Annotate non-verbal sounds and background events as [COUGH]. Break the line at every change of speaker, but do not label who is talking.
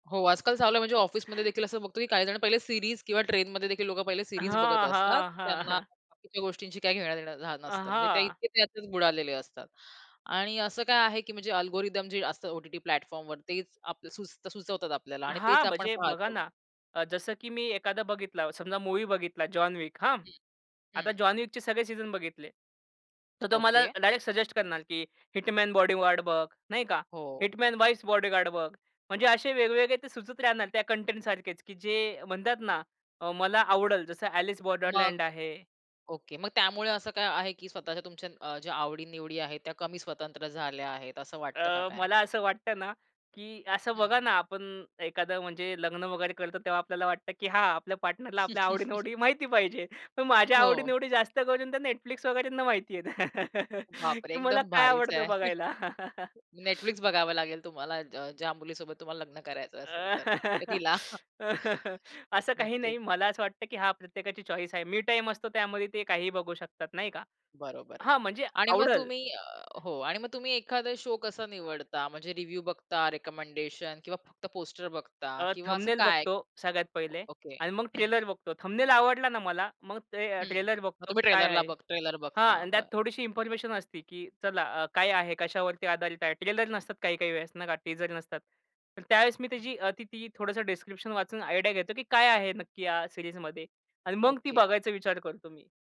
हो, आजकाल चाललं आहे, म्हणजे ऑफिसमध्येदेखील असं बघतो, की काहीजणं पहिले सीरीज किंवा ट्रेनमध्येदेखील लोकं पहिले सीरीज बघत
हां,
असतात.
हां, हां.
त्यांना
[CHUCKLES]
बाकीच्या गोष्टींची काही घेणं देणं हां,
अ,
नसतं. म्हणजे ते
हां.
इतके त्यातच बुडालेले असतात आणि असं काय आहे, की म्हणजे अल्गोरिदम जे असतं ओ-टी-टी प्लॅटफॉर्मवर, तेच आपलं सुचतं सुचवतात आपल्याला आणि
हां,
तेच आपण
म्हणजे बघा
पाहतो.
ना, अ, जसं की मी एखादा बघितला समजा, मूव्ही बघितला जॉन विक, हां,
हं,
आता
हं.
जॉन विकचे सगळे सीझन बघितले. तर तो मला
ओके.
डायरेक्ट सजेस्ट करणार की हिटमॅन, बॉडीगार्ड बघ, नाही का,
हो.
हिटमॅन्स वाईफ्स बॉडीगार्ड बघ. म्हणजे असे वेगवेगळे ते सुचत राहणार. त्या कंटेंटसारखेच की जे म्हणतात ना, अ, मला आवडल. जसं अ‍ॅलिस
मग?
बॉर्डरलँड आहे.
ओके. मग त्यामुळे असं काय आहे की स्वतःच्या तुमच्या अ, ज्या आवडीनिवडी आहेत, त्या कमी स्वतंत्र झाल्या आहेत असं वाटतं का
अ,
काय?
मला असं वाटतं ना, की असं बघा
हं.
ना आपण एखादं म्हणजे लग्न वगैरे करतो, तेव्हा आपल्याला वाटतं, की हां, आपल्या पार्टनरला आपल्या
[CHUCKLES]
आवडी-निवडी माहिती पाहिजे. पण माझ्या
हो.
आवडी-निवडी जास्त करून तर Netflix वगैरेना माहितीये [CHUCKLES]
बापरे,
की मला
एकदम
काय
भारीच आहे.
आवडतं
[CHUCKLES]
बघायला. [CHUCKLES]
Netflix बघावं लागेल तुम्हाला ज ज्या मुलीसोबत तुम्हाला लग्न करायचं असेल तर. तर
अ,
तिला [CHUCKLES]
[LAUGHS] असं काही
नक्कीच.
नाही. मला असं वाटतं, की हा प्रत्येकाची चॉईस आहे. मी टाईम असतो त्यामध्ये ते काही बघू शकतात नाही का.
बरोबर
हां, म्हणजे
आणि मग
आवडल.
तुम्ही अ, हो आणि मग तुम्ही एखादा शो कसा निवडता, म्हणजे रिव्ह्यू बघता, रिकमेंडेशन किंवा फक्त पोस्टर बघता
अ,
किंवा असं
थमनेल
काय?
बघतो सगळ्यात पहिले
ओके,
आणि मग
हं.
ट्रेलर बघतो. थमनेल आवडला ना मला मग ते अ,
हं,
ट्रेलर
मग
बघतो
तुम्ही
काय
ट्रेलरला
आहे,
बघ ट्रेलर
हां,
बघता?
अन् त्यात
बरं.
थोडीशी इन्फॉर्मेशन असती की चला अ, काय आहे, कशावरती आधारित आहे. ट्रेलर नसतात काही-काही वेळेस नाही का टीझर नसतात. तर त्यावेळेस मी
हं.
त्याची अ, ती ती, थोडसं डिस्क्रिप्शन वाचून आयडिया घेतो की काय आहे नक्की या सीरीजमध्ये आणि मग ती
ओके.
बघायचा विचार करतो मी.